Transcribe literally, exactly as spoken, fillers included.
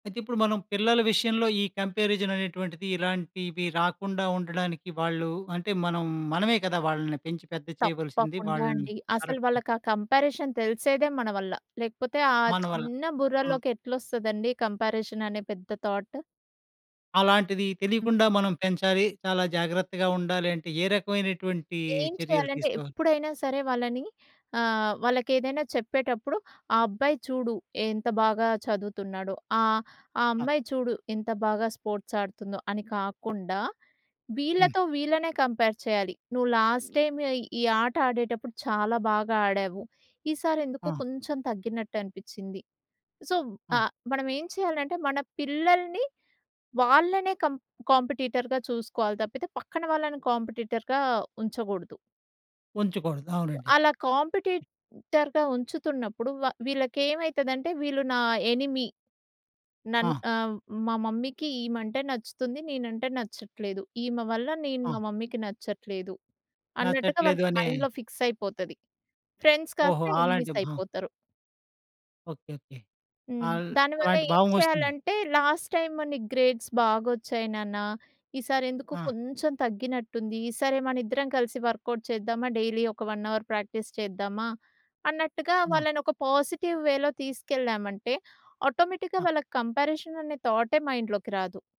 అయితే ఇప్పుడు మనం పిల్లల విషయంలో ఈ కంపారిజన్ అనేటువంటిది ఇలాంటివి రాకుండా ఉండడానికి వాళ్ళు అంటే, మనం మనమే కదా వాళ్ళని పెంచి పెద్ద చేయవలసింది తప్పకుండా వాళ్ళని. అండి అసల కరెక్ట్. వాళ్ళకి ఆ కంపారిజన్ తెలిసేదే మన వల్ల. లేకపోతే ఆ మనవల్ల చిన్న ఆ! బుర్రలోకి ఎట్లొస్తదండి కంపారిజన్ అనే పెద్ద థాట్. అలాంటిది తెలియకుండా మనం పెంచాలి. చాలా జాగ్రత్తగా ఉండాలి అంటే ఏ రకమైనటువంటి ఏం చర్యలు చేయాలంటే తీసుకోవాలి? ఎప్పుడైనా సరే వాళ్ళని ఆహ్, వాళ్ళకెదైనా చెప్పేటప్పుడు ఆ అబ్బాయి చూడు ఎంత బాగా చదువుతున్నాడో ఆహ్, ఆ ఆ! అమ్మాయి చూడు ఎంత బాగా స్పోర్ట్స్ ఆడుతుందో అని కాకుండా హ్మ్. వీళ్ళతో వీళ్ళనే కంపేర్ చేయాలి. నువ్వు లాస్ట్‌టైమ్ ఈ ఆట ఆడేటప్పుడు చాలా బాగా ఆడావు ఈసారెందుకో ఆ! కొంచెం తగ్గినట్టు అనిపిచ్చింది. సో ఆ! ఆహ్, మనం ఏం చేయాలంటే మన పిల్లల్ని వాళ్ళనే కం కాంపిటీటర్‌గా చూసుకోవాలి తప్పితే పక్కన వాళ్ళని కాంపిటీటర్‌గా ఉంచగూడదు. ఉంచకూడదు అవునండి. అలా కాంపిటీటర్‌గా ఉంచుతున్నప్పుడు వ వీళ్ళకెమైతదంటే వీళ్ళు నా ఎనిమీ. నన్ ఆ! ఆహ్, మా మమ్మీ‌కి ఈమంటే నచ్చుతుంది నేనంటే నచ్చట్లేదు. ఈమె వల్ల నేను మా ఆ! మమ్మీ‌కి నచ్చట్లేదు. అన్నట్టుగా నచ్చట్లేదు వాళ్ళకి అనే మైండ్‌లో ఫిక్స్ అయిపోతది. ఫ్రెండ్స్ ఓహో! కాస్త అలాంటి ఎనిమీస్ భ అయిపోతారు. Okay okay. హ్మ్. అల్ దానివల్ల అలాంటి ఏం భావం వస్తుంది. చేయాలంటే లాస్ట్‌టైమ్ నీకు గ్రేడ్స్ బాగొచ్చాయి నాన్న, ఈసారి ఎందుకొ ఆ! కొంచెం తగ్గినట్టుంది. ఈసారి మనిద్దరం కలిసి వర్క్‌‌ఔట్ చేద్దామా? డైలీ ఒక వన్ అవర్ ప్రాక్టీస్ చేద్దామా? అన్నట్టుగా ఆ! వాళ్ళని ఒక పాజిటివ్ వేలో తీసుకెళ్ళామంటే, ఆటోమేటిక్‌గా ఆ! వాళ్ళకి కంపారిజన్ అనే థాటే మైండ్‌లోకి రాదు.